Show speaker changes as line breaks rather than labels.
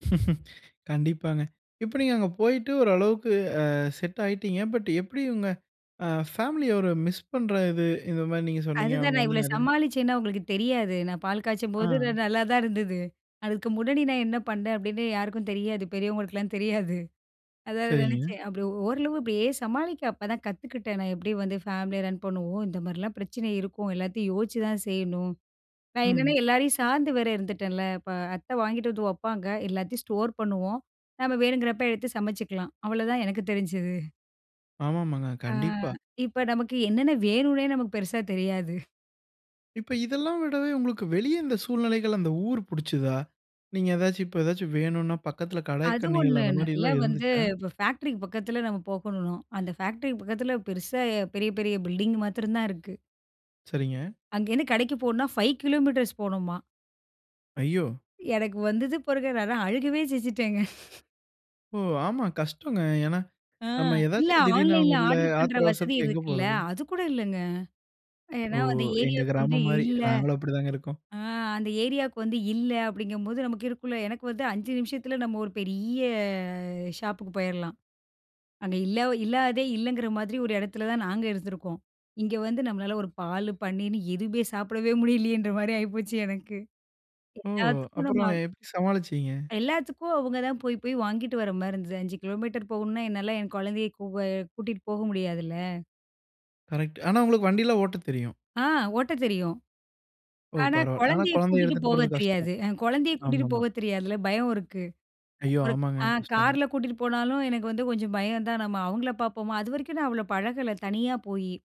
கண்டிப்பாங்க. இப்ப, நீங்க அங்க போய்ட்டு ஒரு அளவுக்கு அ. செட் ஆயிட்டீங்க. பட் எப்படி உங்க அ, ஃபேமிலிய ஒரு மிஸ் பண்ற இது இந்த மாரி நீங்க சொன்னீங்க.
அதுதான்,
அவுங்க
நான்
வந்து
இவ்ளோ
நெறையா
சமாளிச்சேன்னு, அவுங்களுக்கு தெரியாது. நான் பால் காச்சும்போது, த
அ.
நல்லாதான் இருந்தது. "அதுக்கு முன்னாடி நான் என்னா பண்ணேன்?" அப்டின்னு யாருக்கும் தெரியாது. பெரியவங்களுக்கெல்லாம் தெரியாது. அதான் அது
சரிங்க.
நெனைச்சேன். அப்படி ஓரளவு இப்படியே சமாளிக்க, அப்பதான் கத்துக்கிட்டேன். நான் எப்படி வந்து ஃபேமிலிய ரன் பண்ணுவோம். இந்த மாரியெல்லாம் பிரச்சனை இருக்கும். எல்லாத்தையும் யோசிச்சுதான் செய்யணும். நான் என்னான்னா?
ம்.
எல்லாரையும் சார்ந்து வேற இருந்துட்டேன்ல! இப்ப அத்த வாங்கிட்டு வந்து வப்பாங்க, எல்லாத்தையும் ஸ்டோர் பண்ணுவோம். நம்ம வேணுங்கறப்ப எடுத்து சமச்சிக்கலாம். அவ்ளதான் எனக்கு தெரிஞ்சது.
ஆமாமாங்க.
ஆ.
கண்டிப்பா.
இப்போ, நமக்கு என்னென்னா, வேணுன்னே நமக்கு பெருசா தெரியாது.
இப்போ, இதெல்லாம் விடவே, உங்களுக்கு வெளிய இந்த சூழ்நிலைகள் அந்த ஊர் புடுச்சுதா? நீங்க ஏதாச்சி இப்போ ஏதாச்சி வேணுன்னா, பக்கத்துல
அது
கடைக்கண்ணிகள்,
ஒண்ணு.
அந்த
நல்லா
மாரியெல்லாம்
வந்து
இருந்துச்சா?
இப்போ ஃபேக்ட்ரிக்கு பக்கத்துல, நம்ம போகணும் ம். அந்த ஃபேக்ட்ரிக்கு பக்கத்துல பெருசா பெரிய பெரிய பில்டிங் மாத்ரந்தான் இருக்கு.
சரிங்க.
அங்கேருந்து கடைக்கு போணும்ன்னா, 5 கிலோமீட்டர்ஸ் போகணுமா.
ஐயோ!
எனக்கு வந்தது பாருங்க! நான்லாம். அழுகவே செஞ்சிட்டேங்க.
ஓ! ஆமா. கஷ்டம்ங்க. ஏன்னா,
ஆ,
நம்ம
இல்ல.
ஏதாச்சும் திடீர்னு அவுங்க
ஆன்லைன்ல
இல்ல,
ஆடர் பண்ற
ஆத்திர
வசதி
அவசரத்துக்கு எங்க
இருக்குல்ல!
போறது?
அதுகூட இல்லங்க.
ஓ!
ஏன்னா, அந்த
எங்க
ஏரியாவுக்கு வந்து
கிராமம் மாரி.
இல்ல
நாங்களும் அப்படிதாங்க இருக்கோம்.
ஆ. அந்த ஏரியாவுக்கு வந்து இல்ல, அப்படிங்கும்போது, நமக்கு இருக்கும்ல்ல எனக்கு வந்து 5 நிமிஷத்துல, நம்ம ஒரு பெரிய, ஷாப்புக்கு போயிரலாம். அங்க இல்லா இல்லாததே, இல்லைங்கிற மாதிரி ஒரு எடத்துல தான், நாங்க இருந்திருக்கோம். இங்க வந்து நம்மளால, ஒரு பாலு, பன்னீர்ன்னு, எதுவுமே சாப்பிடவே முடியலயேன்ற மாதிரி ஆயிப்போச்சு எனக்கு.
ஓ!
எல்லாத்துக்கும் நம்ம
அப்புறம்
அவ்
எப்படி சமாளிச்சீங்க?
எல்லாத்துக்கும், அவுங்க தான் போய் போய் வாங்கிட்டு வர மாதிரி இருந்தது. 5 கிலோமீட்டர் போகணுன்னா, என்னால என் கொழந்தைய, கூ அ. கூட்டிட்டு போக முடியாதுல்ல!
கரெக்ட்டு. ஆனா, உங்களுக்கு வண்டி எல்லாம் ஓட்டத் தெரியும்!
ஆ. ஓட்டத் தெரியும்.
ஓ!
ஆனா,
பரவால்ல. ஆனா,
கொழந்தைய
கொழந்தைய
கூட்டிட்டு
எடுத்துட்டு
போக
போறது கஷ்டம்!
தெரியாது என் கொழந்தைய கூட்டிட்டு
ஆமாமா.
போக தெரியாதுல! பயம் இருக்கு.
ஐயோ!
ஒரு
ஆமாங்க.
அ.
கஷ்டந்தான்.
கார்ல கூட்டிட்டு போனாலும், எனக்கு வந்து கொஞ்சம் பயம் தான். நம்ம அவுங்கள பாப்போமா! அதுவரைக்கும், நான் அவ்ளோ, பழகல தனியா போயி.